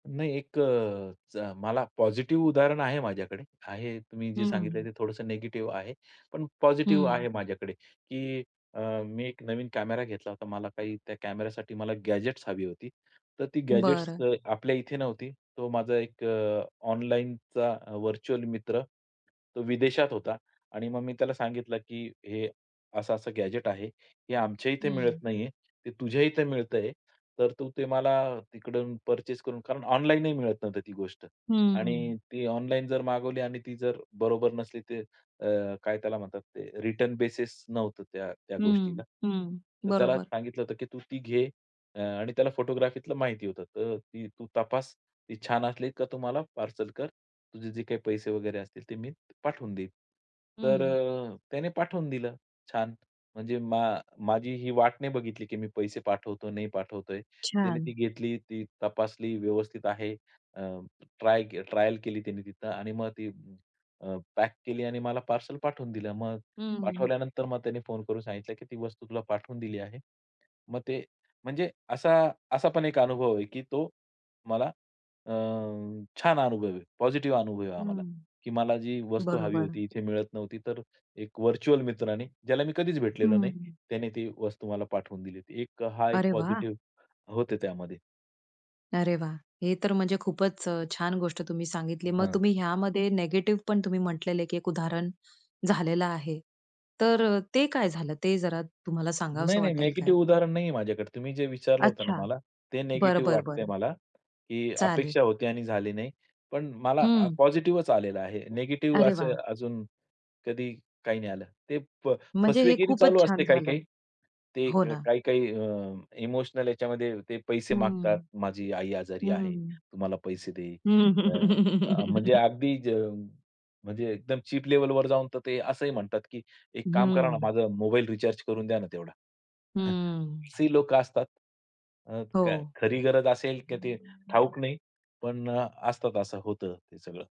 नाही एक अ, मला पॉझिटिव्ह उदाहरण आहे माझ्याकडे आहे. तुम्ही हं, जे सांगितले हं. ते थोडंसं निगेटिव्ह आहे. पण पॉझिटिव्ह आहे हं. माझ्याकडे, की अ, मी एक नवीन कॅमेरा घेतला होता. मला काही त्या कॅमेरासाठी मला गॅजेट्स हवी होती. तर ती गॅजेट्स बरं. आपल्या इथे नव्हती. तो माझा एक अ, ऑनलाईनचा व्हर्चुअल मित्र तो विदेशात होता आणि मग मी त्याला सांगितलं, की "हे असं-असं गॅजेट आहे, हे आमच्या इथे मिळत हं. नाहीये, ते तुझ्या इथे मिळतंय, तर तू ते मला तिकडून पर्चेस करून" कारण ऑनलाईनही मिळत नव्हतं ती गोष्ट. हं. आणि ती ऑनलाईन जर मागवली आणि ती जर बरोबर नसली तर अ, काय त्याला म्हणतात ते रिटर्न बेसिस नव्हतं त्या त्या हं, गोष्टीला. हं. तर त्याला बरोबर. सांगितलं होतं, की "तू ती घे" अ, आणि त्याला फोटोग्राफीलं माहिती होतं. "तर ती तू तपास, ती छान असली का तुम्हाला पार्सल कर, तुझे जे काही पैसे वगैरे असतील ते मी पाठवून देईन." तर हं. अ, त्याने पाठवून दिलं छान. म्हणजे मा माझी ही वाट नाही बघितली, की मी पैसे पाठवतोय नाही पाठवतोय. त्याने ती छान. घेतली, ती तपासली व्यवस्थित आहे. ट्राय अ, ट्रायल केली त्यांनी तिथं आणि मग ती अ, पॅक केली आणि मला पार्सल पाठवून दिलं. मग हं, हं. पाठवल्यानंतर मग त्याने फोन करून सांगितलं, की "ती वस्तू तुला पाठवून दिली आहे." मग ते म्हणजे असा असा पण एक अनुभव आहे, की तो मला अ, छान अनुभव आहे. पॉझिटिव्ह अनुभव आहे हा मला, हं. की मला जी वस्तू हवी बरोबर. होती, इथे मिळत नव्हती. तर एक व्हर्चुअल मित्राने, ज्याला मी कधीच भेटलेलो नाही. हं. त्याने ती वस्तू मला पाठवून दिली होती. एक अ, हा एक अरे वाह! पॉझिटिव्ह होतं त्यामध्ये. अरे वाह! हे तर म्हणजे खूपच अ, छान गोष्ट तुम्ही सांगितली. मग हां तुम्ही ह्यामध्ये निगेटिव्ह पण तुम्ही म्हंटलेलं आहे, की एक उदाहरण झालेलं आहे. तर अ, ते काय झालं? ते जरा तुम्हाला नाही, सांगावसं नाही. वाटेल का? निगेटिव्ह उदाहरण नाहीये माझ्याकडे. तुम्ही जे विचारलं होतं ना अच्छा. मला, ते बरं, निगेटिव्ह बरं, वाटतंय बरं. मला, की चालेल. अपेक्षा होती आणि झाली नाही. पण मला हं. पॉझिटिव्हच आलेलं आहे. निगेटिव्ह अरे असे वाह! अजून कधी काही नाही आलं. ते फ म्हणजे हे फसवेगिरी खूपच चालू असते छान काही-काही. झालं. ते हो ना. काही-काही अ, इमोशनल याच्यामध्ये ते पैसे हं. मागतात, "माझी आई आजारी आहे, हं. तू मला पैसे दे." अ, अ, म्हणजे हं. अगदी, म्हणजे एकदम चीप लेव्हलवर जाऊन तर ते असंही म्हणतात, की "एक काम करा ना, हं. माझा मोबाईल रिचार्ज करून द्या ना तेवढा." हम्म. अशी लोकं असतात. मग अ, हो. खरी गरज असेल किंवा ते ठाऊक नाही. पण अ, असतात असं. होतं सगळं.